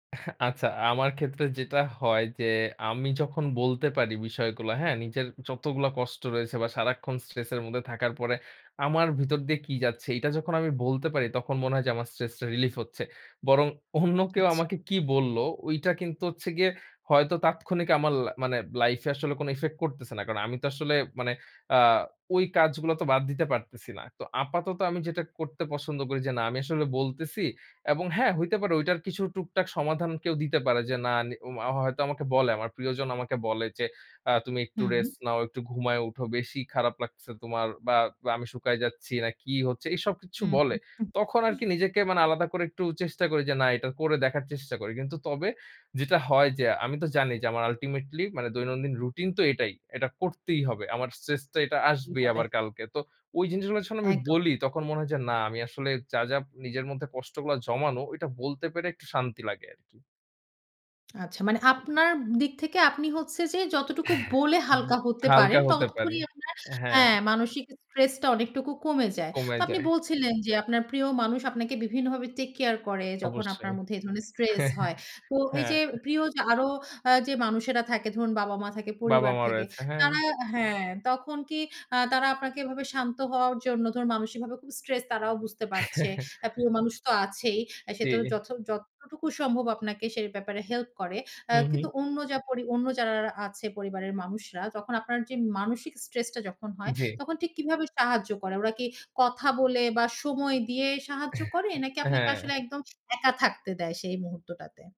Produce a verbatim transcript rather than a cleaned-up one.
এহ আচ্ছা। আমার ক্ষেত্রে যেটা হয় যে, আমি যখন বলতে পারি বিষয়গুলো হ্যাঁ, নিজের যতগুলা কষ্ট রয়েছে বা সারাক্ষণ স্ট্রেস এর মধ্যে থাকার পরে আমার ভিতর দিয়ে কি যাচ্ছে। এটা যখন আমি বলতে পারি, তখন মনে হয় যে আমার stress relief টা relief হচ্ছে। বরং অন্য কেউ আচ্ছা। আমাকে কী বলল ওইটা কিন্তু হচ্ছে গিয়ে হয়তো তাৎক্ষণিক আমার লা মানে লাইফ এ আসলে কোন effect করতেছে না। কারণ আমি তো আসলে মানে আ ওই কাজগুলো তো বাদ দিতে পারতেছি না। তো আপাতত আমি যেটা করতে পছন্দ করি যে, না আমি আসলে বলতেছি এবং হ্যাঁ, হইতে পারে। ঐটার কিছু টুকটাক সমাধান কেউ দিতে পারে। যে না নি ওমা হয়তো আমাকে বলে, আমার প্রিয়জন আমাকে বলে, যে আ তুমি একটু হুম। রেস্ট নাও, একটু ঘুমায়ে উঠো। বেশি খারাপ লাগছে তোমার বা আমি শুকায় যাচ্ছি, না কি হচ্ছে, এসব কিছু হুম, হু। বলে। তখন আরকি নিজেকে মানে আলাদা করে একটু চেষ্টা করি যে, না এটা করে দেখার চেষ্টা করি। কিন্তু তবে যেটা হয় যে, আমি তো জানি যে আমার ultimately মানে দৈনন্দিন রুটিন তো এটাই। এটা করতেই হবে। আমার stress তো এটা কি আসবেই হবে। আবার কালকে। তো ওই জিনিসগুলার সামনে আমি একদম। বলি। তখন মনে হয় যে না আমি আসলে যা, যা, নিজের মধ্যে কষ্টগুলা জমানো ঐটা বলতে পেরে একটু শান্তি লাগে আরকি। আচ্ছা। মানে আপনার দিক থেকে আপনি হচ্ছে যে যতটুকু বলে ব হালকা হতে পারেন, হালকা হতে পারি। ততক্ষণই আপনার হ্যাঁ। হ্যাঁ, মানসিক stress টা অনেকটুকু কমে যায়। কমে তো আপনি যায়। বলছিলেন, যে আপনার প্রিয় মানুষ আপনাকে বিভিন্ন ভাবে take care করে যখন আপনার অবশ্যই। মধ্যে এ ধরনের stress হয়। তো এই হ্যাঁ। যে প্রিয় যে আরো আ যে মানুষেরা থাকে ধরুন বাবা-মা থাকে, পরিবার বাবা-মা থাকে র‍য়েছে, হ্যাঁ। তারা হ্যাঁ, তখন কি আ তারা আপনাকে এভাবে শান্ত হওয়ার জন্য, ধরুন মানুষিক ভাবে খুব stress তারাও বুঝতে পারছে। আ প্রিয় মানুষ তো আছেই। সে তো চি যথ যতটুকু সম্ভব আপনাকে সে ব্যাপারে হেল্প করে। অ্যা কিন্তু উহু। অন্য যা পরি অন্য যারারারা আছে পরিবারের মানুষরা। তখন আপনার যে মানসিক stress টা যখন হয়, জ্বী। তখন ঠিক কীভাবে সাহায্য করে? ওরা কি কথা বলে বা সময় দিয়ে সাহায্য এহ করে? নাকি আপনাকে হ্যাঁ। আসলে একদম একা থাকতে দেয় সেই মুহূর্তটাতে?